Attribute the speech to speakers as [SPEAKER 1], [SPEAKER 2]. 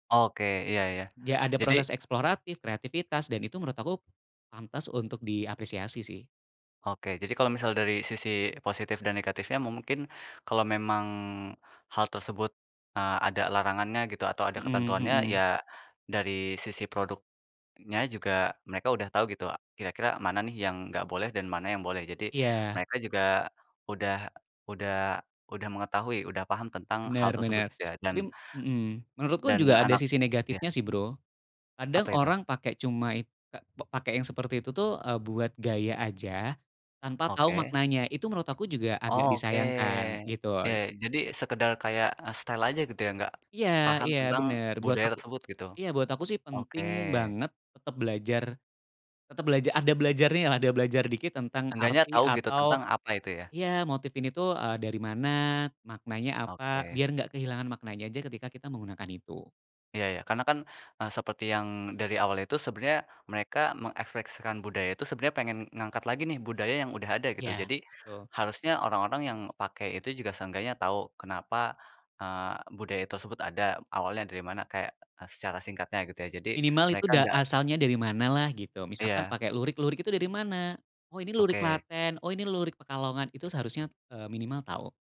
[SPEAKER 1] Oke, iya iya
[SPEAKER 2] Enggak ada
[SPEAKER 1] jadi
[SPEAKER 2] proses eksploratif, kreativitas, itu menurut aku pantas untuk diapresiasi sih.
[SPEAKER 1] Oke, jadi kalau misal dari sisi positif dan negatifnya mungkin kalau memang hal tersebut, eee, ada larangannya gitu atau ada
[SPEAKER 2] Mmm,
[SPEAKER 1] ketentuannya
[SPEAKER 2] hmm.
[SPEAKER 1] ya dari sisi produknya juga mereka udah tahu gitu kira-kira mana nih yang enggak boleh dan mana yang boleh. Jadi
[SPEAKER 2] Iya.
[SPEAKER 1] mereka juga udah udah udah mengetahui, udah paham tentang hal
[SPEAKER 2] Bener
[SPEAKER 1] tersebut
[SPEAKER 2] bener.
[SPEAKER 1] ya, dan
[SPEAKER 2] Tapi mmm, menurutku
[SPEAKER 1] dan
[SPEAKER 2] juga ada
[SPEAKER 1] anak
[SPEAKER 2] sisi
[SPEAKER 1] ya.
[SPEAKER 2] negatifnya sih, Bro. Kadang
[SPEAKER 1] Apa itu?
[SPEAKER 2] orang pake cuma i ka pa pake yang seperti itu tuh, eee, buat gaya aja tanpa tahu
[SPEAKER 1] Oke.
[SPEAKER 2] maknanya. Itu menurut aku juga agak
[SPEAKER 1] Oh, oke.
[SPEAKER 2] disayangkan gitu.
[SPEAKER 1] Iya i jadi sekedar kayak, eee, style aja gitu ya enggak
[SPEAKER 2] Iya
[SPEAKER 1] paham
[SPEAKER 2] iya
[SPEAKER 1] tentang
[SPEAKER 2] bener, buat
[SPEAKER 1] budaya
[SPEAKER 2] aku
[SPEAKER 1] tersebut gitu.
[SPEAKER 2] iya buat aku sih
[SPEAKER 1] Oke.
[SPEAKER 2] penting banget tetep belajar tetep belaja ada belajarnyalah, ada belajar dikit tentang
[SPEAKER 1] Seenggaknya
[SPEAKER 2] arti
[SPEAKER 1] tahu gitu
[SPEAKER 2] atau
[SPEAKER 1] tentang apa itu ya.
[SPEAKER 2] iya motif ini tuh, eee, dari mana, maknanya apa,
[SPEAKER 1] Oke.
[SPEAKER 2] biar nggak kehilangan maknanya aja ketika kita menggunakan itu.
[SPEAKER 1] Iya iya. Karena kan, eee, seperti yang dari awal itu sebenarnya mereka mengekspresikan budaya itu sebenarnya pengen ngangkat lagi nih budaya yang udah ada gitu.
[SPEAKER 2] Iya,
[SPEAKER 1] Jadi
[SPEAKER 2] betul.
[SPEAKER 1] harusnya orang-orang yang pakai itu juga seenggaknya tahu kenapa, eee, budaya tersebut ada awalnya dari mana kayak secara singkatnya gitu ya jadi
[SPEAKER 2] Minimal itu
[SPEAKER 1] mereka
[SPEAKER 2] da
[SPEAKER 1] enggak
[SPEAKER 2] asalnya dari manalah gitu. Misalkan
[SPEAKER 1] Iya.
[SPEAKER 2] pakai lurik, "Lurik itu dari mana?" "Oh, ini lurik
[SPEAKER 1] Oke.
[SPEAKER 2] Klaten, oh ini lurik Pekalongan," itu seharusnya, eee, minimal tahu.